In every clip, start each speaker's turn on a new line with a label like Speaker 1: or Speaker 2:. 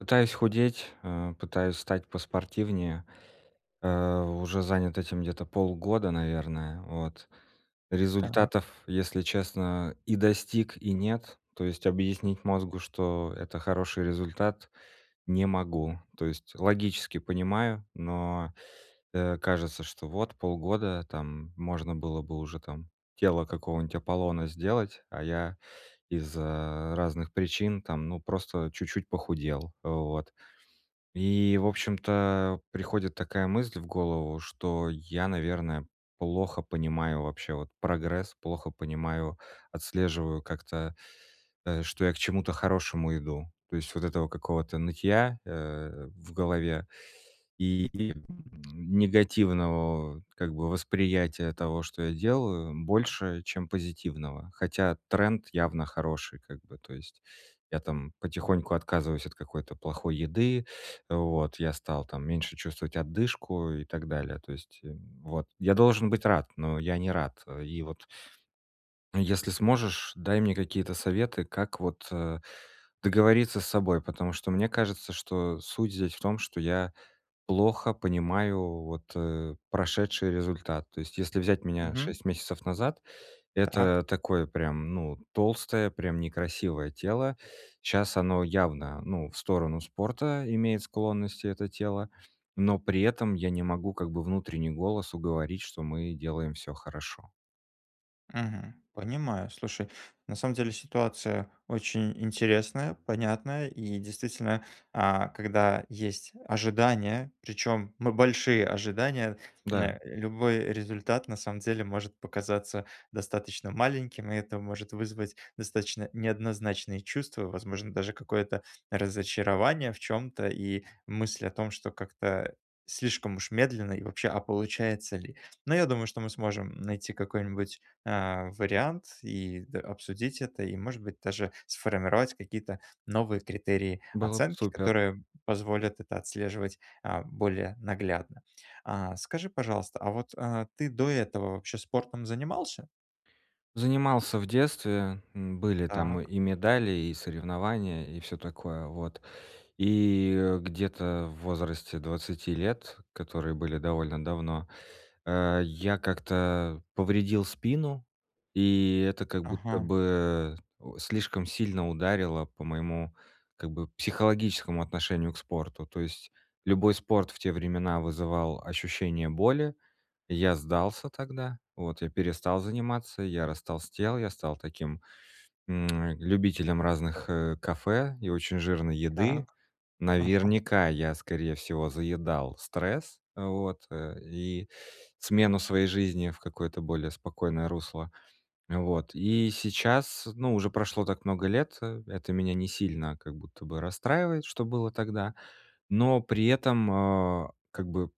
Speaker 1: Пытаюсь худеть, а, пытаюсь стать поспортивнее. Э, уже занят этим где-то полгода, наверное, вот.
Speaker 2: Так.
Speaker 1: Результатов, если честно, и достиг, и нет, то есть объяснить мозгу, что это хороший результат, не могу. То есть логически понимаю, но, э, кажется, что вот полгода, там, можно было бы уже там тело какого-нибудь Аполлона сделать, а я из-за разных причин, там, ну просто чуть-чуть похудел, вот. И в общем-то приходит такая мысль в голову, что я, наверное, плохо понимаю вообще вот прогресс, плохо понимаю, отслеживаю как-то, э, что я к чему-то хорошему иду. То есть вот этого какого-то нытья, э, в голове и, и негативного как бы восприятия того, что я делаю, больше, чем позитивного. Хотя тренд явно хороший, как бы. То есть я там потихоньку отказываюсь от какой-то плохой еды, вот, я стал там меньше чувствовать одышку и так далее, то есть, э, вот. Я должен быть рад, но я не рад. Э, и вот если сможешь, дай мне какие-то советы, как вот, э, договориться с собой. Потому что мне кажется, что суть здесь в том, что я плохо понимаю вот, э, прошедший результат. То есть если взять меня
Speaker 2: Мгм.
Speaker 1: 6 месяцев назад,
Speaker 2: Так.
Speaker 1: это такое прям, ну, толстое, прям некрасивое тело. Щас оно явно, ну, в сторону спорта имеет склонности, это тело, но при этом я не могу как бы внутренний голос уговорить, что мы делаем всё хорошо.
Speaker 2: Мгм. Понимаю. Слушай, на самом деле ситуация очень интересная, понятная и действительно, а, когда есть ожидания, причём мы большие ожидания, н
Speaker 1: Да.
Speaker 2: э, любой результат на самом деле может показаться достаточно маленьким. И это может вызвать достаточно неоднозначные чувства. Возможно, даже какое-то разочарование в чём-то, и мысль о том, что как-то слишком уж медленно и вообще, а получается ли? Но я думаю, что мы сможем найти какой-нибудь, а, вариант и д обсудить это и, может быть, даже сформировать какие-то новые критерии
Speaker 1: Было б
Speaker 2: оценки,
Speaker 1: супер!
Speaker 2: которые позволят это отслеживать, а, более наглядно. А, скажи, пожалуйста, а вот, а, ты до этого вообще спортом занимался?
Speaker 1: Занимался в детстве, м, были там
Speaker 2: Так.
Speaker 1: и медали, и соревнования, и всё такое, вот. И, э, где-то в возрасте 20 лет, которые были довольно давно, э. Я как-то повредил спину, и это как будто
Speaker 2: Ага.
Speaker 1: бы, о, слишком сильно ударило по моему как бы психологическому отношению к спорту. То есть любой спорт в те времена вызывал ощущение боли. Я сдался тогда, вот, я перестал заниматься, я растолстел, я стал таким, м, любителем разных, э, кафе и очень жирной еды.
Speaker 2: Так, ага.
Speaker 1: Наверняка, я, скорее всего, заедал стресс, вот, э, и смену своей жизни в какое-то более спокойное русло, вот. И сейчас, ну, уже прошло так много лет, это меня не сильно как будто бы расстраивает, что было тогда. Но при этом, э, как бы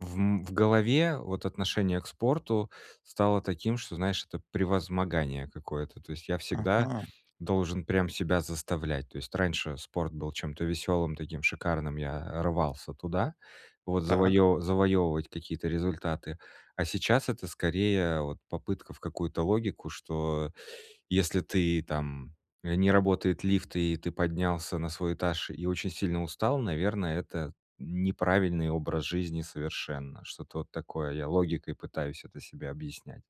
Speaker 1: в, м, в голове, вот, отношение к спорту стало таким, что, знаешь, это превозмогание какое-то, то есть я всегда
Speaker 2: Ага.
Speaker 1: должен прям себя заставлять. То есть раньше спорт был чем-то веселым, таким шикарным, я рвался туда, вот,
Speaker 2: Так.
Speaker 1: завоевы завоевывать какие-то результаты. А сейчас это скорее вот попытка в какую-то логику, что если ты там не работает лифт и ты поднялся на свой этаж и очень сильно устал, наверное, это неправильный образ жизни совершенно. Что-то вот такое. Я логикой пытаюсь это себе объяснять.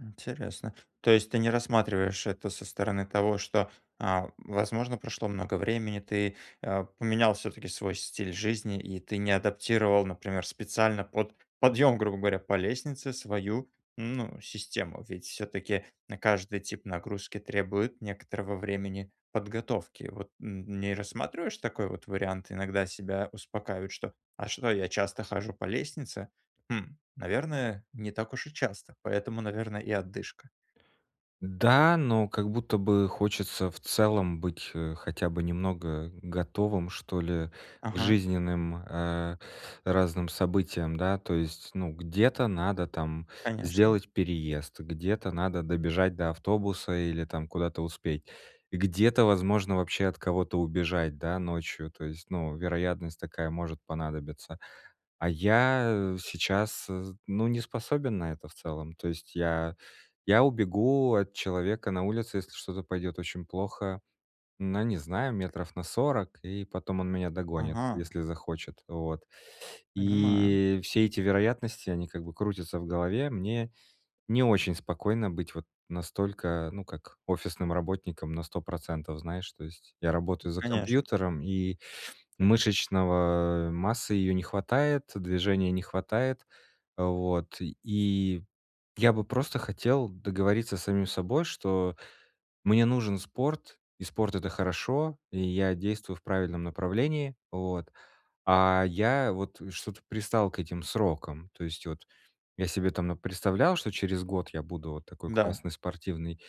Speaker 2: Интересно. То есть ты не рассматриваешь это со стороны того, что, а, возможно, прошло много времени, ты, э, поменял все-таки свой стиль жизни. И ты не адаптировал, например, специально под подъем, грубо говоря, по лестнице свою, ну, систему. Ведь все-таки на каждый тип нагрузки требует некоторого времени подготовки. Вот н не рассматриваешь такой вот вариант? Иногда себя успокаивают: "Что, а что, а что, я часто хожу по лестнице? Хм, наверное, не так уж и часто, поэтому, наверное, и одышка".
Speaker 1: Да, но как будто бы хочется в целом быть, э, хотя бы немного готовым, что ли, к
Speaker 2: Ага.
Speaker 1: жизненным, э, разным событиям, да. То есть, ну, где-то надо там
Speaker 2: Конечно.
Speaker 1: сделать переезд, где-то надо добежать до автобуса или там куда-то успеть. Где-то, возможно, вообще от кого-то убежать, да, ночью, то есть, ну, вероятность такая может понадобиться. А я сейчас з ну, не способен на это в целом. То есть я я убегу от человека на улице, если что-то пойдет очень плохо, ну, не знаю, метров на 40, и потом он меня догонит,
Speaker 2: Ага!
Speaker 1: если захочет. Вот.
Speaker 2: Понимаю.
Speaker 1: И все эти вероятности, они как бы крутятся в голове. Мне не очень спокойно быть вот настолько, ну как, офисным работником на 100 %, знаешь, то есть. Я работаю за
Speaker 2: Конечно.
Speaker 1: компьютером, и мышечного массы ее не хватает, движения не хватает. Вот. И я бы просто хотел договориться с самим собой, что мне нужен спорт, и спорт- это хорошо, и я действую в правильном направлении, вот. А я вот что-то пристал к этим срокам, то есть вот я себе там напредставлял, что через год я буду вот такой
Speaker 2: Да.
Speaker 1: классный спортивный.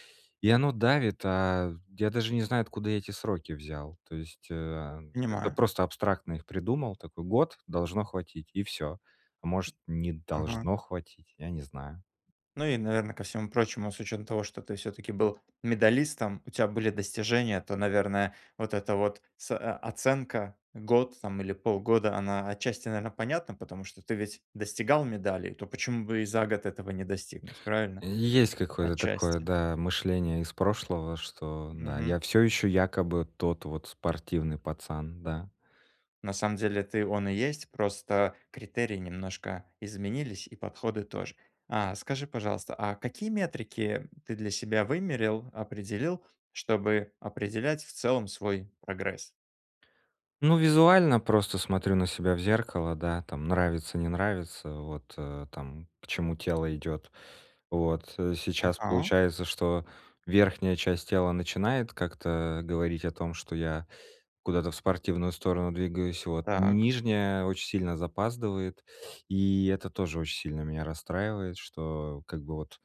Speaker 1: И оно давит, а я даже не знаю, откуда эти сроки взял, то есть, а, как-то
Speaker 2: Понимаю.
Speaker 1: просто абстрактно их придумал, такой: "Год- должно хватить". И всё. А может, не
Speaker 2: Ага.
Speaker 1: должно хватить, я не знаю.
Speaker 2: Ну, и, наверно, ко всему прочему, с учетом того, что ты все-таки был медалистом, у тебя были достижения, то, наверное, вот эта вот с а, а, оценка год там или полгода, она отчасти, наверное, понятна. Потому что ты ведь достигал медалей, то почему бы и за год этого не достигнуть, правильно?
Speaker 1: Есть какое-то такое,
Speaker 2: Отчасти.
Speaker 1: да, мышление из прошлого, что да,
Speaker 2: Мгм.
Speaker 1: я всё еще якобы тот вот спортивный пацан, да.
Speaker 2: На самом деле это и он и есть, просто критерии немножко изменились, и подходы тоже. А скажи, пожалуйста, а какие метрики ты для себя вымерил, определил, чтобы определять в целом свой прогресс?
Speaker 1: Ну, визуально просто смотрю на себя в зеркало, да, там нравится- не нравится. Вот, э, там, к чему тело идет. Вот. Э. Сейчас
Speaker 2: Ага.
Speaker 1: получается, что верхняя часть тела начинает как-то говорить о том, что я куда-то в спортивную сторону двигаюсь. Вот,
Speaker 2: Так.
Speaker 1: нижняя очень сильно запаздывает, и это тоже очень сильно меня расстраивает, что как бы вот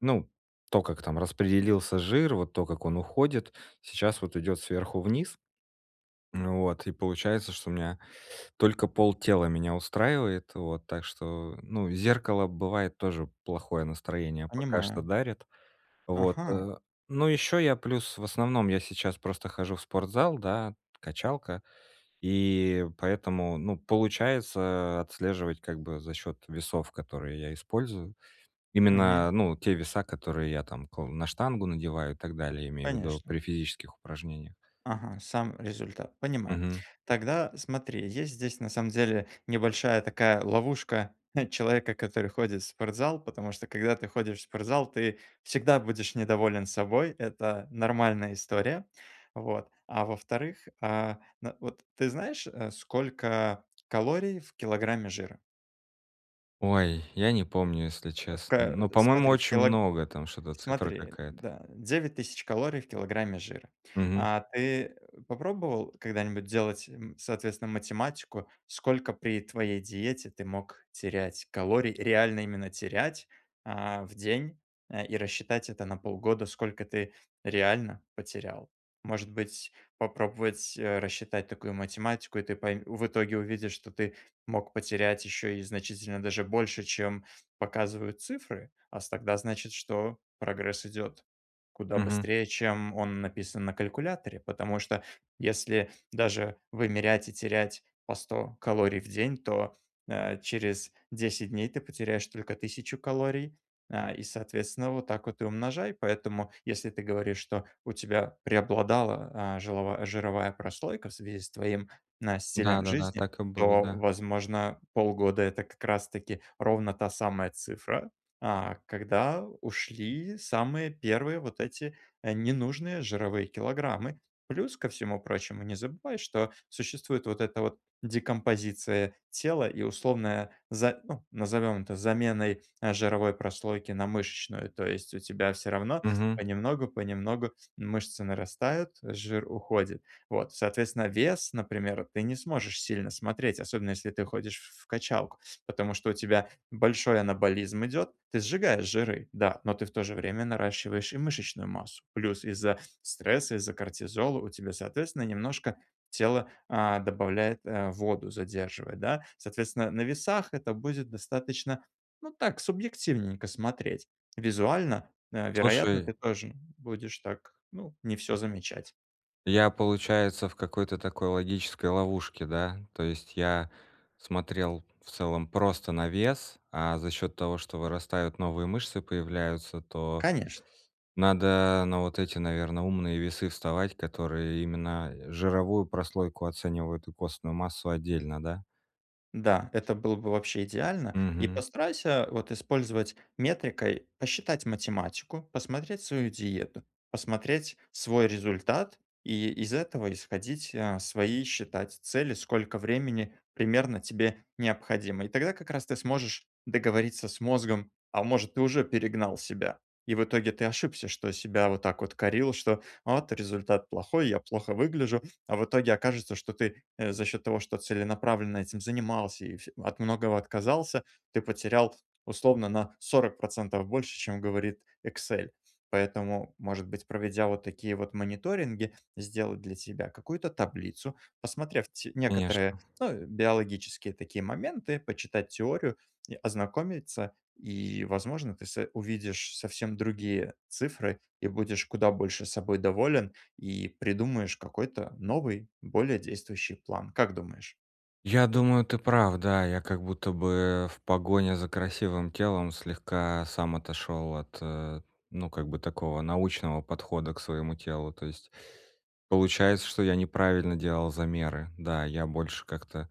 Speaker 1: Ну, то как там распределился жир, вот то, как он уходит, сейчас вот идёт сверху вниз. Вот. И получается, что меня только полтела меня устраивает. Вот. Так что, ну, зеркало бывает тоже плохое настроение пока что
Speaker 2: Понимаю.
Speaker 1: дарит. Вот.
Speaker 2: Ага!
Speaker 1: Э, ну ещё я плюс в основном я сейчас просто хожу в спортзал, да, качалка. И поэтому, ну, получается отслеживать как бы за счет весов, которые я использую.
Speaker 2: Мгм.
Speaker 1: Именно, ну, те веса, которые я там кл на штангу надеваю и так далее, имею в виду
Speaker 2: Конечно.
Speaker 1: при физических упражнениях.
Speaker 2: Ага, сам результат. Понимаю.
Speaker 1: Мгм.
Speaker 2: Тогда смотри, есть здесь, на самом деле, небольшая такая ловушка человека, который ходит в спортзал. Потому что когда ты ходишь в спортзал, ты всегда будешь недоволен собой. Это нормальная история. Вот. А во-вторых, э, ну вот, ты знаешь, э, сколько калорий в килограмме жира?
Speaker 1: Ой, я не помню, если
Speaker 2: В
Speaker 1: честно.
Speaker 2: ка
Speaker 1: Но, по-моему,
Speaker 2: смотри, в
Speaker 1: очень
Speaker 2: кило
Speaker 1: много. Там что-то цифра
Speaker 2: смотри.
Speaker 1: какая-то.
Speaker 2: Да, 9 000 калорий в килограмме жира.
Speaker 1: Мгм.
Speaker 2: А ты попробовал когда-нибудь делать, м, соответственно, математику, сколько при твоей диете ты мог терять калорий? Реально именно терять, а, в день, э, и рассчитать это на полгода, сколько ты реально потерял. Может быть, попробовать, э, рассчитать такую математику, и ты пой в итоге увидишь, что ты мог потерять еще и значительно даже больше, чем показывают цифры. А с тогда значит, что прогресс идет куда
Speaker 1: Мгм.
Speaker 2: быстрее, чем он написан на калькуляторе. Потому что, если даже вымерять и терять по 100 калорий в день, то, э, через 10 дней ты потеряешь только 1000 калорий, э, и, соответственно, вот так вот и умножай. Поэтому, если ты говоришь, что у тебя преобладала, э, жилова жировая прослойка в связи с твоим н
Speaker 1: Да,
Speaker 2: стилем
Speaker 1: да, да.
Speaker 2: жизни,
Speaker 1: Так и было,
Speaker 2: то,
Speaker 1: да.
Speaker 2: возможно, полгода- это как раз таки ровно та самая цифра, а, когда ушли самые 1 вот эти, э, ненужные жировые килограммы. Плюс ко всему прочему, не забывай, что существует вот эта вот декомпозиция тела и условная, за э, назовём это заменой, э, жировой прослойки на мышечную. То есть у тебя всё равно
Speaker 1: Мгм.
Speaker 2: понемногу понемногу мышцы нарастают, жир уходит. Вот, соответственно, вес, например, ты не сможешь сильно смотреть, особенно если ты ходишь в в качалку, потому что у тебя большой анаболизм идет, ты сжигаешь жиры, да, но ты в то же время наращиваешь и мышечную массу. Плюс из-за стресса, из-за кортизола у тебя, соответственно, немножко тело, а, добавляет, э, воду, задерживает, да. Соответственно, на весах это будет достаточно, ну, так, субъективненько смотреть. Визуально, э, вероятно,
Speaker 1: Слушай.
Speaker 2: ты тоже будешь так, ну, не всё замечать.
Speaker 1: Я, получается, в какой-то такой логической ловушке, да? То есть я смотрел в целом просто на вес, а за счет того, что вырастают новые мышцы, появляются, то
Speaker 2: Конечно!
Speaker 1: надо на вот эти, наверно, умные весы вставать, которые именно жировую прослойку оценивают и костную массу отдельно, да?
Speaker 2: Да, это было бы вообще идеально, и
Speaker 1: Мгм.
Speaker 2: постарайся вот использовать метрикой, посчитать математику, посмотреть свою диету, посмотреть свой результат и из этого исходить, э, свои считать цели. Сколько времени примерно тебе необходимо, и тогда как раз ты сможешь договориться с мозгом. А может, ты уже перегнал себя, и в итоге ты ошибся, что себя вот так вот корил, что: вот результат плохой, я плохо выгляжу. А в итоге окажется, что ты, э, за счёт того, что целенаправленно этим занимался и всё от многого отказался, ты потерял условно на 40 % больше, чем говорит "Эксель". Поэтому, может быть, проведя вот такие вот мониторинги, сделать для тебя какую-то таблицу, посмотрев те некоторые,
Speaker 1: Конечно!
Speaker 2: ну, биологические такие моменты. Почитать теорию и ознакомиться. И, возможно, ты со увидишь совсем другие цифры, и будешь куда больше собой доволен, и придумаешь какой-то новый, более действующий план. Как думаешь?
Speaker 1: Я думаю, ты прав, да. Я как будто бы в погоне за красивым телом слегка сам отошел от, э, ну, как бы такого, научного подхода к своему телу. То есть получается, что я неправильно делал замеры. Да, я больше как-то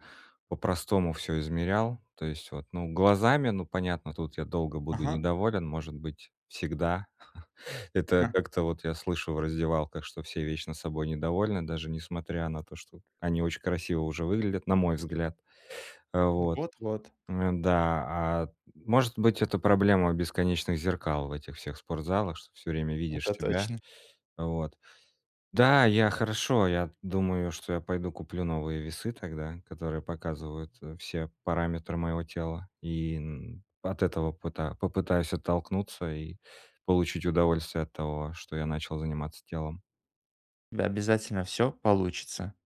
Speaker 1: по-простому всё измерял, то есть вот, ну, глазами, ну понятно, тут я долго буду
Speaker 2: Ага.
Speaker 1: недоволен, может быть, всегда. Это
Speaker 2: А.
Speaker 1: как-то вот я слышу в раздевалках, что все вечно собой недовольны, даже несмотря на то, что они очень красиво уже выглядят, на мой взгляд. Э, вот.
Speaker 2: Вот-вот.
Speaker 1: Э, да, а, может быть, это проблема бесконечных зеркал в этих всех спортзалах, что всё время видишь
Speaker 2: Это
Speaker 1: себя.
Speaker 2: точно.
Speaker 1: Вот. Да, я хорошо, я думаю, что я пойду куплю новые весы тогда, которые показывают, э, все параметры моего тела, и н от этого пыта попытаюсь оттолкнуться и получить удовольствие от того, что я начал заниматься телом.
Speaker 2: Да, обязательно. Всё получится!